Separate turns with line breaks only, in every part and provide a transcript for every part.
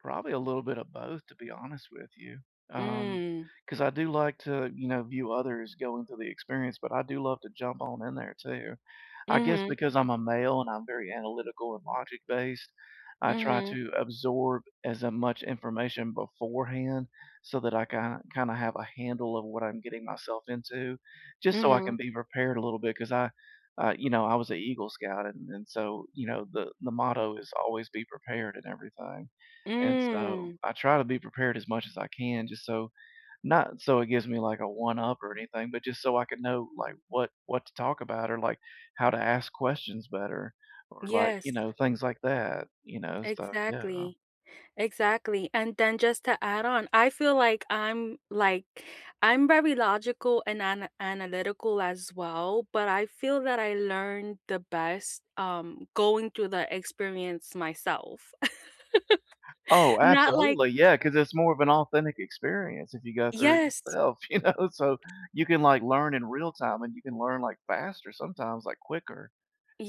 Probably a little bit of both, to be honest with you, um,
Mm.
'cause I do like to, you know, view others going through the experience, but I do love to jump on in there too. I guess
Mhm.
because I'm a male and I'm very analytical and logic based, I try
Mhm.
to absorb as a much information beforehand so that I ki kinda have a handle of what I'm getting myself into just so I can
Mhm.
be prepared a little bit 'cause I, uh, you know, I was a Eagle Scout, and and so, you know, the the motto is "Always Be Prepared." and everything. And so
Mm.
I try to be prepared as much as I can just so not so it gives me, like, a one up or anything, but just so I could know, like, what what to talk about or, like, how to ask questions better or, like, you
Yes.
know, things like that, you know? So yeah.
Exactly, exactly. And then just to add on, I feel like I'm, like, I'm very logical and ana analytical as well, but I feel that I learn the best, um, going through the experience myself.
Oh,
Not like
absolutely. Yeah, 'cause it's more of an authentic experience if you go through it
Yes.
yourself, you know? So you can, like, learn in real time, and you can learn, like, faster sometimes, like, quicker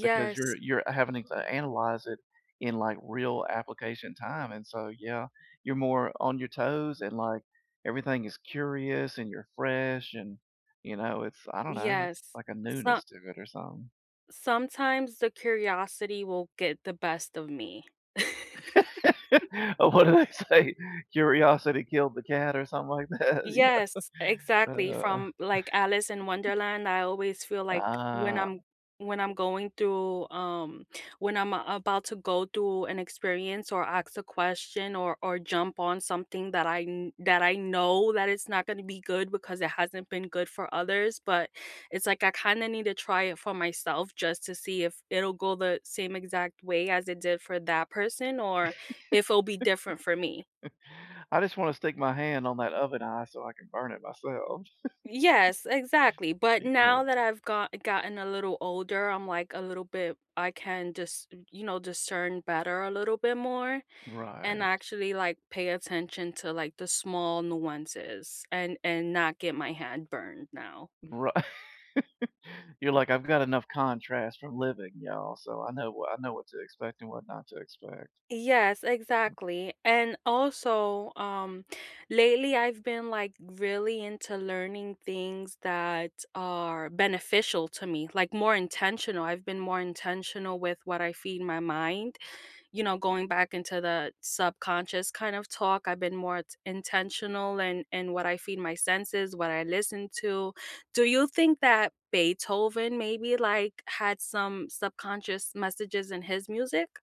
because you're you're having it to analyze it in, like, real application time, and so, yeah, you're more on your toes and, like, everything is curious and you're fresh and, you know, it's, I don't know,
Yes.
like a
So
newness to or something
Sometimes the curiosity will get the best of me.
Oh, what did they say? Curiosity killed the cat or something like that, yeah.
Yes, exactly.
Uh.
From, like, Alice in Wonderland, I always feel like when
Ah.
I'm when I'm going through, um when I'm a about to go through an experience or ask a question or or jump on something that I kn that I know that it's not gonna be good because it hasn't been good for others, but it's like I kinda need to try it for myself just to see if it'll go the same exact way as it did for that person or if it'll be different for me.
I just wanna stick my hand on that oven eye so I can burn it myself.
Yes, exactly, but
Yeah.
now that I've go gotten a little older, I'm, like, a little bit I can just, y you know, discern better a little bit more and
Right.
actually, like, pay attention to like the small nuances and and not get my hand burned now.
Right. You're like, "I've got enough contrast from living, y'all, so I know wha I know what to expect and what not to expect."
Yes, exactly. And also, um, lately I've been, like, really into learning things that are beneficial to me, like, more intentional, I've been more intentional with what I feed my mind, you know, going back into the subconscious kind of talk, I've been more t intentional in in what I feed my senses, what I listen to. Do you think that Beethoven maybe like had some subconscious messages in his music?